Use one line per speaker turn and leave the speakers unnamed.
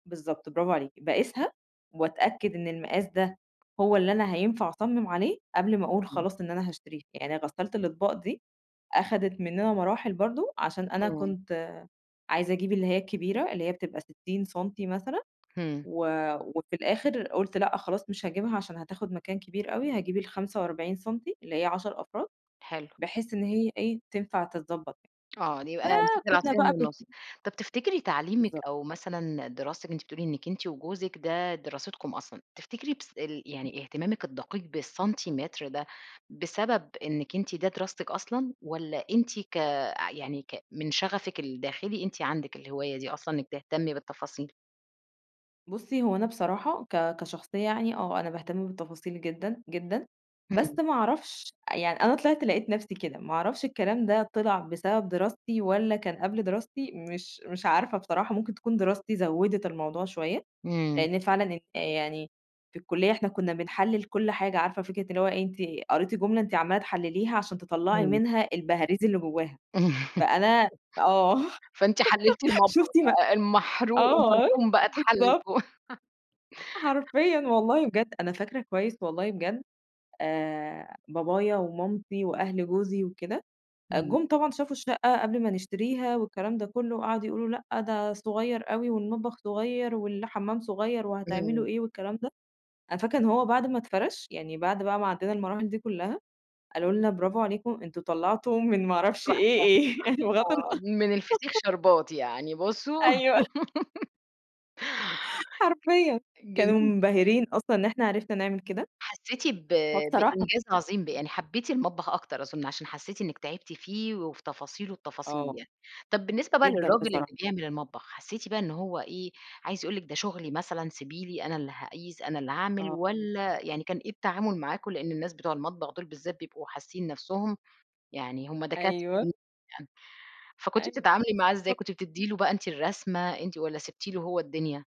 بالضبط، برافو عليكِ. باقيسها وأتأكد إن المقاس ده هو اللي أنا هينفع أصمم عليه، قبل ما أقول
[unintelligible]
خلاص إن أنا هاشتريه. يعني غسالة الأطباق دي أخدّت مننا مراحل برضه عشان أنا
آه.
كنت عايزة أجيب اللي هي الكبيرة، اللي هي بتبقى 60 سم مثلًا،
همم.
و وفي الآخر قلت لأ خلاص، مش هاجيبها عشان هتاخد مكان كبير أوي، هاجيب ال45سم سنتي اللي هي 10 أفراد
حلو.
بحيث إن هي إيه تنفع تتضبط.
آه، يبقى مسكتِ
فكنا
العصاية من
بقى بن
النص. طب تفتكري تعليمِك
بالضبط.
أو مثلًا دراستِك أنتِ بتقولي إنك أنتِ وجوزِك ده دراستكم أصلًا، تفتكري بس ال يعني اهتمامِك الدقيق بالسنتيمتر ده بسبب إنِك أنتِ ده دراستِك أصلًا؟ والّا أنتِ ك يعني ك من شغفِك الداخلي أنتِ عندِك الهواية دي أصلًا إنك تهتمي بالتفاصيل؟
بصي هو أنا بصراحة ك كشخصية يعني آه أنا باهتم بالتفاصيل جدًا، جدًا. بس
همم.
ما اعرفش أ يعني أنا طلعت لقيت نفسي كده، ما اعرفش الكلام ده طلع بسبب دراستي؟ والّا كان قبل دراستي؟ مش مش عارفة بصراحة. ممكن تكون دراستي زوّدت الموضوع شوية،
إمم.
لأن فعلًا يعني في الكلية إحنا كنا بنحلل كل حاجة، عارفة فكرة اللي هو أنتِ قريتِ جملة أنتِ عمّالة تحلليها عشان تطّلعي
إمم.
منها البهاريز اللي جواها، فأنا آه،
فأنتِ حللتِ المطبخ
شُفتِ ما
بقى المحروق
آه،
المرحوم بقى اتحلل
بالضبط.
فوق.
حرفيًا والله بجد. أنا فاكرة كويس والله بجد آآ بابايا ومامتي وأهل جوزي وكده،
إمم.
جُم طبعًا شافوا الشقة قبل ما نشتريها والكلام ده كله قعدوا يقولوا: "لأ، ده صغير أوي والمطبخ صغير، والحمام صغير،
إمم.
وهتعملوا إيه؟" والكلام ده. أنا فاكرة إن هو بعد ما اتفرش يعني، بعد بقى ما عدينا المراحل دي كلها قالوا لنا: "برافو عليكم أنتم طلعتم من ما اعرفش
تحفة.
إيه إيه" بغض الن
آه، من الفسيخ شربات يعني بصوا
أيوه حرفيًا.
جميل
كانوا
جدًا.
منبهرين أصلًا إن إحنا عرفنا نعمل كده.
حسيتِ ب
فبصراحة
بإنجاز عظيم ب يعني حبيتِ المطبخ أكتر أظن، عشان حسيتِ إنك تعبتِ فيه، وفي تفاصيل التفاصيل
آه.
يعني. طب بالنسبة بقى
جدًا
للراجل اللي
بصراحة.
بيعمل المطبخ حسيتِ بقى إنه هو إيه عايز يقول لِك ده شغلي مثلًا سيبي لي أنا اللي هاقيس، أنا اللي هاعمل؟
آه.
والّا يعني كان إيه التعامل معاكم؟ لأن الناس بتوع المطبخ دول بالذات بيبقوا حاسين نفسهم يعني هم دكاترة،
أيوه.
[unintelligible] فكنتِ
أيوه.
بتتعاملي معاه إزاي؟
[unintelligible]
كنت بتدّي له بقى أنتِ الرسمة؟ أنتِ والَّا سِبتِ له هو الدنيا؟